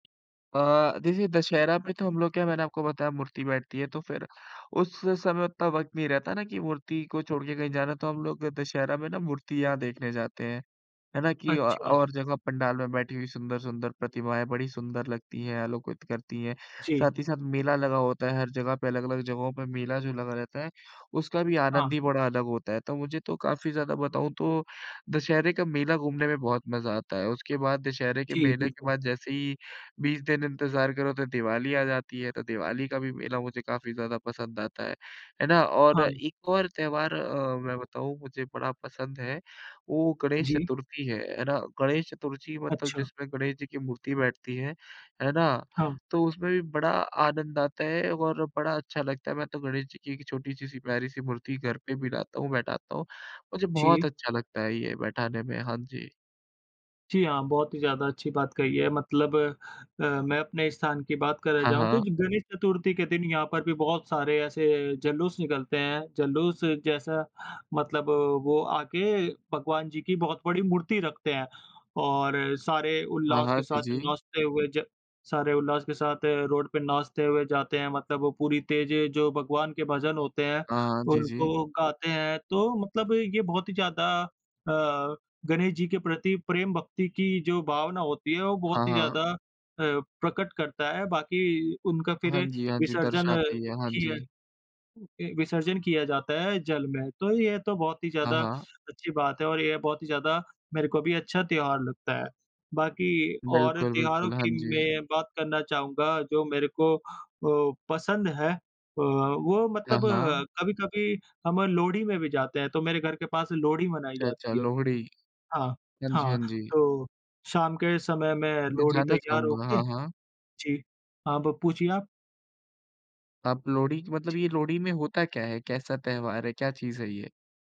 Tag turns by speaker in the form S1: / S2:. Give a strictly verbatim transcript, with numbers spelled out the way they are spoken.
S1: अ,
S2: जी।
S1: देखिए दशहरा पे तो हम लोग क्या है मैंने आपको बताया मूर्ति बैठती है तो फिर उस समय उतना वक़्त नहीं रहता ना की मूर्ति को छोड़ के कहीं जाना है। तो हम लोग दशहरा में ना मूर्तियाँ देखने जाते हैं। है ना
S2: अच्छा,
S1: कि अ,
S2: अच्छा।
S1: और जगह पंडाल में बैठी हुई सुंदर-सुंदर प्रतिमाएँ बड़ी सुंदर लगती हैं, आलोकित करती है।
S2: जी।
S1: साथ ही साथ मेला लगा होता है हर जगह पे, अलग-अलग जगहों पर मेला जो लगा रहता है उसका भी आनंद
S2: हाँ।
S1: ही अलग होता है। तो मुझे तो काफ़ी ज़्यादा बताऊँ तो दशहरे का मेला घूमने में बहुत मज़ा आता है। उसके बाद दशहरे के
S2: जी,
S1: मेले के
S2: बिल्कुल।
S1: बाद जैसे ही बीस दिन इंतजार करो तो दिवाली आ जाती है। तो दिवाली का भी मेला मुझे काफ़ी ज़्यादा पसंद आता है, है ना। और
S2: हाँ।
S1: एक और त्यौहार अ, मैं बताऊँ, मुझे बड़ा पसंद है, वो गणेश
S2: जी।
S1: चतुर्थी है, है ना। गणेश चतुर्थी मतलब
S2: अच्छा।
S1: जिसमें गणेश जी की मूर्ति बैठती है, है ना।
S2: हाँ।
S1: तो उसमें भी बड़ा आनंद आता है और बड़ा अच्छा लगता है। मैं तो गणेश जी की एक छोटी-सी, सी प्यारी-सी मूर्ति घर पे भी लाता हूँ, बैठाता हूँ। मुझे बहुत
S2: जी।
S1: अच्छा लगता है ये बैठाने में। हाँ जी।
S2: जी, हाँ। बहुत ही ज़्यादा अच्छी बात कही है। मतलब अ, मैं अपने स्थान की बात करे
S1: हाँ,
S2: जाऊँ तो
S1: हाँ।
S2: ये गणेश चतुर्थी के दिन यहाँ पर भी बहुत सारे ऐसे जलूस निकलते हैं। जलूस जैसा मतलब वो आ के भगवान जी की बहुत बड़ी मूर्ति रखते हैं। और सारे
S1: हाँ,
S2: उल्लास के
S1: हाँ। जी,
S2: साथ
S1: जी।
S2: नाचते हुए ज सारे उल्लास के साथ अ, रोड पे नाचते हुए जाते हैं। मतलब वो पूरी तेज़ जो भगवान के भजन होते हैं,
S1: हाँ, हाँ। जी, जी।
S2: उनको गाते हैं। तो मतलब ये बहुत ही ज़्यादा अ, गणेश जी के प्रति प्रेम भक्ति की जो भावना होती है वो
S1: हाँ,
S2: बहुत ही
S1: हाँ।
S2: ज़्यादा अ, प्रकट करता है। बाकी उनका फिर
S1: हाँ जी, हाँ जी,
S2: विसर्जन
S1: दर्शाती है। हाँ
S2: किया
S1: जी।
S2: विसर्जन किया जाता है जल में। तो ये तो बहुत ही
S1: हाँ,
S2: ज़्यादा
S1: हाँ।
S2: अच्छी बात है और ये बहुत ही ज़्यादा मेरे को भी अच्छा त्योहार लगता है। बाकी और
S1: बिल्कुल,
S2: त्योहारों
S1: बिल्कुल। हाँ
S2: की
S1: जी।
S2: मैं बात करना चाहूँगा जो मेरे को अ, पसंद है। अ, वो
S1: हाँ,
S2: मतलब
S1: हाँ।
S2: अ, कभी-कभी हम लोहड़ी में भी जाते हैं। तो मेरे घर के पास लोहड़ी मनाई
S1: अच्छा, अच्छा,
S2: जाती है।
S1: लोहड़ी।
S2: हाँ,
S1: हाँ जी, हाँ
S2: हाँ।
S1: जी।
S2: तो शाम के समय में
S1: मैं
S2: लोहड़ी
S1: जानना
S2: तैयार हो
S1: चाहूँगा।
S2: के
S1: हाँ, हाँ।
S2: जी, हाँ, ब पूछिए आप?
S1: आप लोहड़ी की मतलब
S2: जी।
S1: ये लोहड़ी में होता क्या है? कैसा त्यौहार है? क्या चीज़ है ये?